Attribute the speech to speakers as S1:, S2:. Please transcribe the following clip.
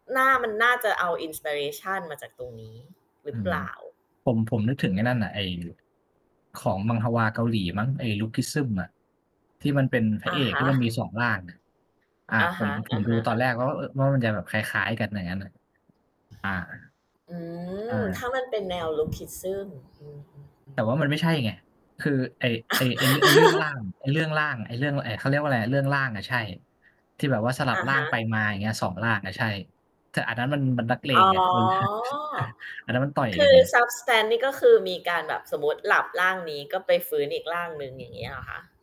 S1: น่า มันน่าจะเอา inspiration มาจากตรงนี้หรื
S2: อื
S1: อเป
S2: ม
S1: ล่า?
S2: ผม ผมนึกถ
S1: อ
S2: ึ
S1: ื
S2: งไ
S1: อ
S2: อ้
S1: ฮ
S2: นั
S1: ึ
S2: ่นน่ะ ไอ้ ของมังฮวาเกาหลีมั้ง ไอ้ Lookism อะ ที่มันเป็นพร
S1: อ
S2: ะเ
S1: ะ
S2: อ
S1: ฮ
S2: ก ที่มัน
S1: ะ
S2: มี 2 ร่างอะ อะ
S1: อะ
S2: ผ
S1: ฮ
S2: ม
S1: ะ
S2: ผ
S1: อะ
S2: มด
S1: ฮ
S2: ู
S1: ะ
S2: ตอนแรก
S1: ๆ
S2: แล้วก็ เออ ว่ามันจะแบบคล้าย ๆ กันอย่างงั้นน่ะ อา
S1: อื
S2: ใช
S1: ม ถ
S2: ่
S1: ้ามันเป็นแนว Lookism อืม
S2: แต่ว่า
S1: ๆ
S2: ม
S1: ๆ
S2: ันไม่ใช่ไง คือไอ้ ไอ้ ไอ้ ไอ้เรื่องร่าง ไอ้เรื่องร่าง ไอ้เรื่อง ไอ เขาเรียกว่าอะไรอะ เรื่อง ร่างอะ ใช่ ที่แบบว่าสลั
S1: อ
S2: บ
S1: ะ
S2: ร่
S1: ฮ
S2: าง
S1: ะ
S2: ไปมาอย่างเงี้ย 2 ร่างอะ ใช่ แต่อันนั้นมัน มันนักเล
S1: อ๋
S2: ง
S1: อ
S2: ไง อันนั้นมันต่อย
S1: ค
S2: กั
S1: ื
S2: น
S1: อ
S2: ไง
S1: substance นี่ ก็คือมีการแบบ สมมุติหลับร่างนี้ ก็ไปฟื้นอีกร่างหนึ่ง อย่างนี้เหรอคะ?